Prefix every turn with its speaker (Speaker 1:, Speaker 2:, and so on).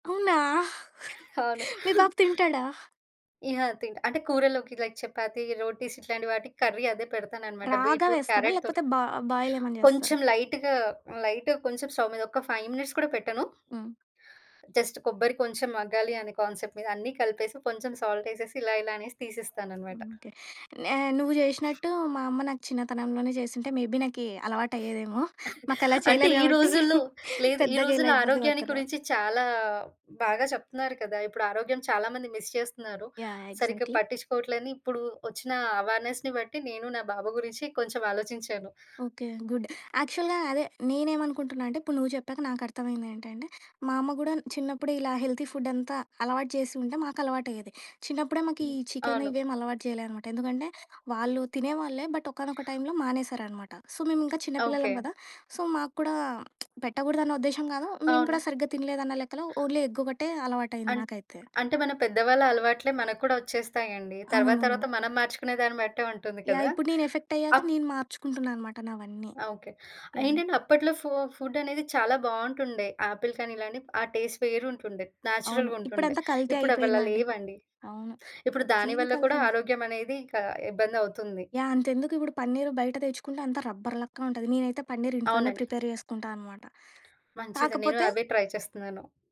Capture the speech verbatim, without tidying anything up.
Speaker 1: అవునా?
Speaker 2: అవును.
Speaker 1: మీ బాబు తింటాడా?
Speaker 2: ఇ ఆ! తింట్ అంటే, కూరల్లోకి లైక్ చపాతీ, రోటీస్ ఇట్లాంటి వాటికి కర్రీ అదే పెడతాననమాట,
Speaker 1: రాగా
Speaker 2: బీట్రూట్
Speaker 1: వేస్తారా?
Speaker 2: క్యారట్‌ తోర్
Speaker 1: లేకపోతే బా బాయిలేమన్నా చేస్తారా?
Speaker 2: కొంచెం లైట్‌గా, హ్మ్, లైట్‌గా కొంసేపు స్టవ్ మీద, ఒక్క ఫైవ్ మినిట్స్ కూడా పెట్టను.
Speaker 1: హ్మ్.
Speaker 2: జస్ట్ కొబ్బరి కొంచం మగ్గాలి అనే కాన్సెప్ట్ మీద అన్ని కలిపేసి, కొంచెం సాల్టేసేసి, ఇలా, ఇలా అనేసి తీసేస్తాననమాట.
Speaker 1: ఉంటే నే నువ్వు జేషినట్టూ మా అమ్మ నాకు చిన్నతనంలోనే చేసుంటే, మేబీ నాకీ అలవాటయ్యేదేమో. మాకలా
Speaker 2: అంటే,
Speaker 1: చెయలేదు
Speaker 2: ఈ
Speaker 1: గాబట్టి,
Speaker 2: రోజుల్లో లేదు. ఈ
Speaker 1: పెద్దగా ఇలా
Speaker 2: రోజుల్లో
Speaker 1: ఇబ్బంది
Speaker 2: ఆరోగ్యాన్ని
Speaker 1: పడతన్న.
Speaker 2: కురించి చాలా బాగా చెప్తున్నారు కదా! ఇప్పుడు ఆరోగ్యం చాలా మంది మిస్ చేస్తున్నారు.
Speaker 1: యాహ్!
Speaker 2: సరిగ్గా
Speaker 1: ఎగ్జాక్ట్‌లీ.
Speaker 2: పట్టిచ్చుకోవట్లే అని ఇప్పు‌డు ఒచ్చినా అవేర్‌నెస్‌ని బట్టి, నేను నా బాబు గురించి కొంచమాలోచించాను.
Speaker 1: ఓకే. గుడ్. యాక్చువల్‌గా అదే. నేనేమనుకుంటున్నా అంటే, ఇప్పుడు నువ్వు చెప్పాక నాకర్థమయిందేంటంటే, మా అమ్మ గూడా న్ చిన్నప్పుడే ఇలా హెల్తీ ఫుడ్డంతా అలవాటు చేసుంటే, మాకలవాటయ్యేది. చిన్నప్పుడే, మాకు
Speaker 2: హ్మ్.
Speaker 1: ఈ చికెన్
Speaker 2: అవును.
Speaker 1: ఇవేమీ అలవాటు చెయలే అనమాట. ఎందుకంటే, వాళ్ళు తినేవాళ్ళే, బట్, ఒకానొక టైమ్‌లో మానేశారనమాట. సో, మేమింకా చిన్న పిల్లలం
Speaker 2: ఓకే.
Speaker 1: కదా! సో, మాకు కూడా పెట్టకూడదన్న ఉద్దేశం గాదు. మేము కూడా
Speaker 2: అవును.
Speaker 1: సరిగ్గా తినలేదన్న లెక్కలో ఓన్లీ ఎగ్గొకటే అలవాటయింది
Speaker 2: అన్
Speaker 1: నాకైతే.
Speaker 2: అంటే, మన పెద్దవాళ్ళ అలవాట్లే మనకు కూడా ఒచ్చేస్తాయండి. తర్వాత, తర్వాత
Speaker 1: అవునవును.
Speaker 2: మనం మార్చుకునే దాన్ని బట్టే ఉంటుంది
Speaker 1: యాహ్!
Speaker 2: కదా!
Speaker 1: ఇప్పుడు నేనెఫెక్టయ్యాక,
Speaker 2: అప్
Speaker 1: నేను మార్చుకుంటున్నా అనమాట నావన్నీ.
Speaker 2: ఆ! ఓకే. ఆహ్,
Speaker 1: యాహ్!
Speaker 2: ఏంటంటే, అప్పట్లో ఫో ఫుడ్డనేది చాలా బావుంటుండే. ఆపిల్ కానీ ఇలాని, ఆ టేస్ట్ వేరుంటుండే,
Speaker 1: అవును.
Speaker 2: న్యాచురల్‌గుంటుండే.
Speaker 1: ఇప్పుడంతా కల్తీ
Speaker 2: ఇప్పుడవలా
Speaker 1: అయిపోయిందండి.
Speaker 2: లేవండి.
Speaker 1: అవును.
Speaker 2: ఇప్పుడు దాని
Speaker 1: ప్రతీది
Speaker 2: వల్ల కూడా
Speaker 1: కల్తీ‌న.
Speaker 2: ఆరోగ్యమనేది ఇంక ఇబ్బందవుతుంది.
Speaker 1: యాహ్! అంతెందుకిప్పుడు పన్నీరు బయట తెచ్చుకుంటే, అంతా రబ్బర్ లక్కనుంటది. నేనైతే పన్నీరింట్లోనే
Speaker 2: అవునండి.
Speaker 1: ప్రిపేర్ చేసుకుంటా అనమాట.
Speaker 2: మంచిది. నేను
Speaker 1: కాకపోతే
Speaker 2: అవే ట్రై చేస్తన్నాను.